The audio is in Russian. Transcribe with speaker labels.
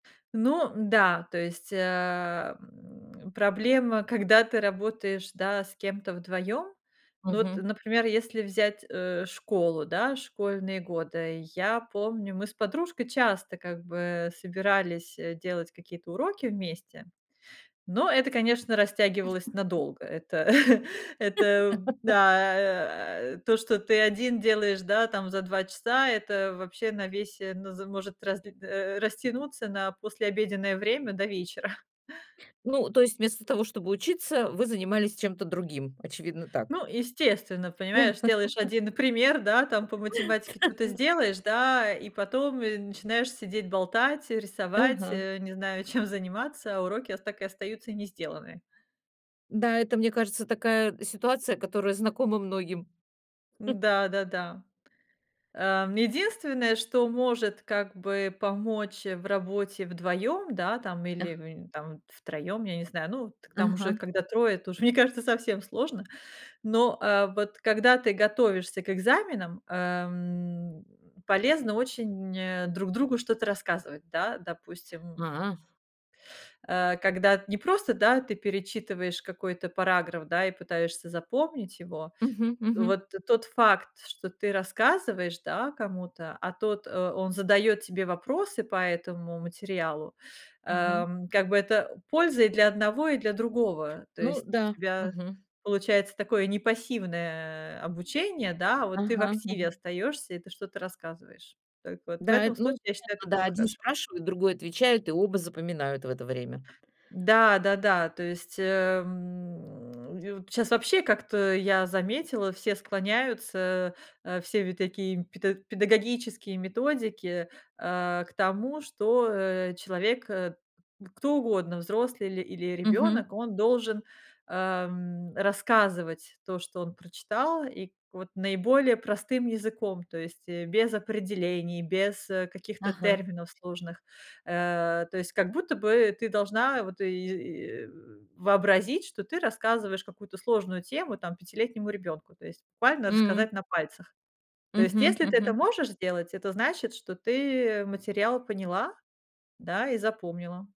Speaker 1: Ну да, то есть, э, м, проблема, когда ты работаешь, да, с кем-то вдвоём. Ну вот,
Speaker 2: Мгм.
Speaker 1: например, если взять, э, школу, да, школьные годы, я помню, мы с подружкой часто как бы собирались, э, делать какие-то уроки вместе, но это, конечно, растягивалось надолго. Это это да, а, а, то, что ты один делаешь, да, там, за 2 часа, это вообще на весь, э, ну з может расд э, растянуться на послеобеденное время до вечера.
Speaker 2: Ну, то есть вместо того чтобы учиться, вы занимались чем-то другим. Очевидно, так.
Speaker 1: Ну, естественно,
Speaker 2: Та.
Speaker 1: понимаешь, сделаешь 1 пример, да, там, по математике чё-то сделаешь, да, и потом, и начинаешь сидеть, болтать, рисовать,
Speaker 2: Ага.
Speaker 1: э, не знаю, чем заниматься, а уроки так и остаются не сделанные.
Speaker 2: Да, это, мне кажется, такая ситуация, которая знакома многим.
Speaker 1: Н-да, да-да. Э, единственное, что может как бы помочь, э, в работе вдвоём, да, там, или,
Speaker 2: Аг
Speaker 1: м, там втроём, я не знаю, ну, к там уже
Speaker 2: Ага.
Speaker 1: когда трое, это уже, мне кажется, совсем сложно, но, э, вот когда ты готовишься к экзаменам, эм, полезно очень, э, друг другу что-то рассказывать, да, допустим.
Speaker 2: А.
Speaker 1: Э, когда не просто, да, ты перечитываешь какой-то параграф, да, и пытаешься запомнить его,
Speaker 2: Мгм, мгм.
Speaker 1: вот тот факт, что ты рассказываешь, да, кому-то, а тот, э, он задаёт тебе вопросы по этому материалу,
Speaker 2: Мгм.
Speaker 1: эм, как бы, это польза и для одного и для другого. То
Speaker 2: Ну
Speaker 1: есть у
Speaker 2: да.
Speaker 1: тебя
Speaker 2: Мгм.
Speaker 1: получается такое не пассивное, э, обучение, да, а вот ты в
Speaker 2: Ага
Speaker 1: активе
Speaker 2: ага.
Speaker 1: остаёшься, и ты что-то рассказываешь. Только вот в
Speaker 2: Да,
Speaker 1: этом
Speaker 2: эт ну,
Speaker 1: случае, я считаю, это
Speaker 2: это да,
Speaker 1: было
Speaker 2: 1
Speaker 1: хорошо.
Speaker 2: спрашивает, другой отвечает, и оба запоминают в это время.
Speaker 1: Да-да-да, то есть, эм, ю щас вообще, как-то я заметила, все склоняются, э, все такие педа педагогические методики, э, к тому, что, э, человек, э, кто угодно, взрослый или или
Speaker 2: Мгм.
Speaker 1: ребёнок, он должен, эм, рассказывать то, что он прочитал, и к вот наиболее простым языком, то есть, э, без определений, без, э, каких-то
Speaker 2: Ага.
Speaker 1: терминов сложных, э. То есть, как будто бы ты должна вот и, э, вообразить, что ты рассказываешь какую-то сложную тему, там, пятилетнему ребёнку, то есть буквально
Speaker 2: М.
Speaker 1: рассказать на пальцах. То есть,
Speaker 2: Мгм,
Speaker 1: если ты это
Speaker 2: мгм.
Speaker 1: можешь сделать, это значит, что ты материал поняла, да, и запомнила.